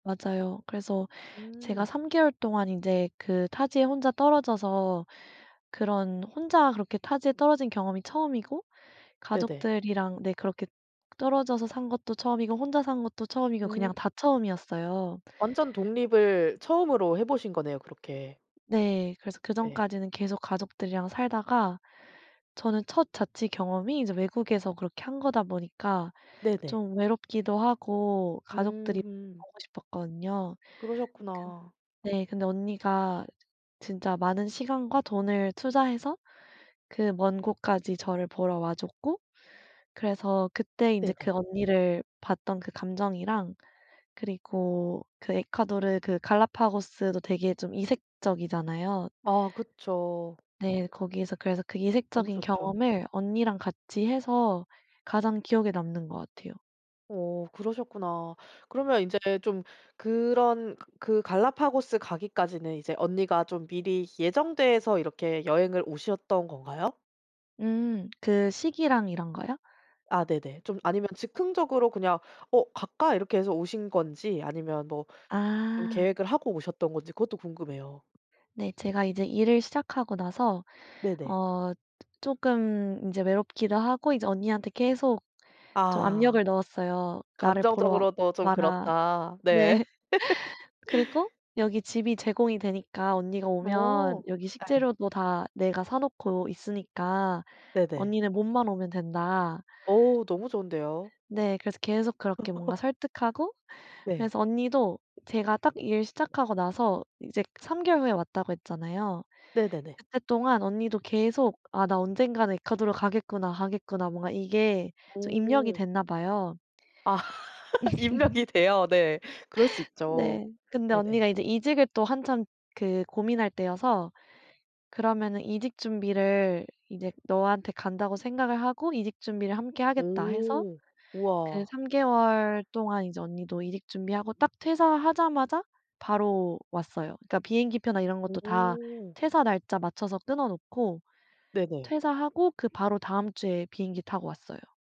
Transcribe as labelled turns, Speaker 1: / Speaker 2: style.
Speaker 1: 맞아요. 그래서 제가
Speaker 2: 음.
Speaker 1: 3 개월 동안 인제 그 타지에 혼자 떨어져서 그런 혼자 그렇게 타지에 떨어진 경험이 처음이고
Speaker 2: 네네.
Speaker 1: 가족들이랑 네 그렇게 떨어져서 산 것도 처음이고 혼자 산 것도 처음이고
Speaker 2: 음.
Speaker 1: 그냥 다 처음이었어요.
Speaker 2: 완전 독립을 처음으로 해보신 거네요. 그렇게.
Speaker 1: 네. 그래서
Speaker 2: 네.
Speaker 1: 그전까지는 계속 가족들이랑 살다가 저는 첫 자취 경험이 이제 외국에서 그렇게 한 거다 보니까
Speaker 2: 네네.
Speaker 1: 좀 외롭기도 하고 가족들이
Speaker 2: 음음.
Speaker 1: 보고 싶었거든요. 근
Speaker 2: 그러셨구나.
Speaker 1: 네 근데 언니가 진짜 많은 시간과 돈을 투자해서 그 먼 곳까지 저를 보러 와 줬고 그래서 그때 인제 그
Speaker 2: 네네.
Speaker 1: 언니를 봤던 그 감정이랑 그리고 그 에콰도르 그 갈라파고스도 되게 좀 이색적이잖아요.
Speaker 2: 아 그쵸.
Speaker 1: 네. 거기에서 그래서 그
Speaker 2: 너무
Speaker 1: 이색적인
Speaker 2: 좋죠.
Speaker 1: 경험을 언니랑 같이 해서 가장 기억에 남는 것 같아요.
Speaker 2: 어 그러셨구나. 그러면 이제 좀 그런 그 그 갈라파고스 가기까지는 이제 언니가 좀 미리 예정돼서 이렇게 여행을 오셨던 건가요?
Speaker 1: 음 그 시기랑 이런 거요?
Speaker 2: 아 네네. 좀 아니면 즉흥적으로 그냥 '어 갈까?' 이렇게 해서 오신 건지, 아니면 뭐 좀
Speaker 1: 아.
Speaker 2: 계획을 하고 오셨던 건지 그것도 궁금해요.
Speaker 1: 네. 제가 이제 일을 시작하고 나서,
Speaker 2: 네네.
Speaker 1: 어 쪼금 인제 외롭기도 하고 이제 언니한테 계속 좀
Speaker 2: 아.
Speaker 1: 압력을 넣었어요. "나를 보러
Speaker 2: "감정적으로도 좀
Speaker 1: 와라."
Speaker 2: 그렇다." 네.
Speaker 1: 네. 그리고 "여기 집이 제공이 되니까 언니가 오면
Speaker 2: 어
Speaker 1: 여기
Speaker 2: 예.
Speaker 1: 식재료도 다 내가 사놓고 있으니까
Speaker 2: 네네.
Speaker 1: 언니는 몸만 오면 된다."
Speaker 2: 어 너무 좋은데요.
Speaker 1: 네. 그래서 계속 그렇게 뭔가 설득하고,
Speaker 2: 네.
Speaker 1: 그래서 언니도 제가 딱 일 시작하고 나서 이제 3 개월 후에 왔다고 했잖아요.
Speaker 2: 네네네.
Speaker 1: 그때 동안 언니도 계속 '아 나 언젠가는 에콰도르 가겠구나, 가겠구나.' 뭔가 이게 좀 입력이
Speaker 2: 오.
Speaker 1: 됐나 봐요.
Speaker 2: 아. 입력이 돼요? 네. 그럴 수 있죠.
Speaker 1: 네. 근데
Speaker 2: 네네.
Speaker 1: 언니가 이제 이직을 또 한참 그 고민할 때여서 "그러면은 이직 준비를 이제 너한테 간다고 생각을 하고 이직 준비를 함께 하겠다." 해서
Speaker 2: 오.
Speaker 1: 그
Speaker 2: 우와.
Speaker 1: 3 개월 동안 이제 언니도 이직 준비하고 딱 퇴사하자마자 바로 왔어요. 그니까 비행기 표나 이런 것도 다
Speaker 2: 오.
Speaker 1: 퇴사 날짜 맞춰서 끊어놓고
Speaker 2: 네네.
Speaker 1: 퇴사하고 그 바로 다음 주에 비행기 타고 왔어요.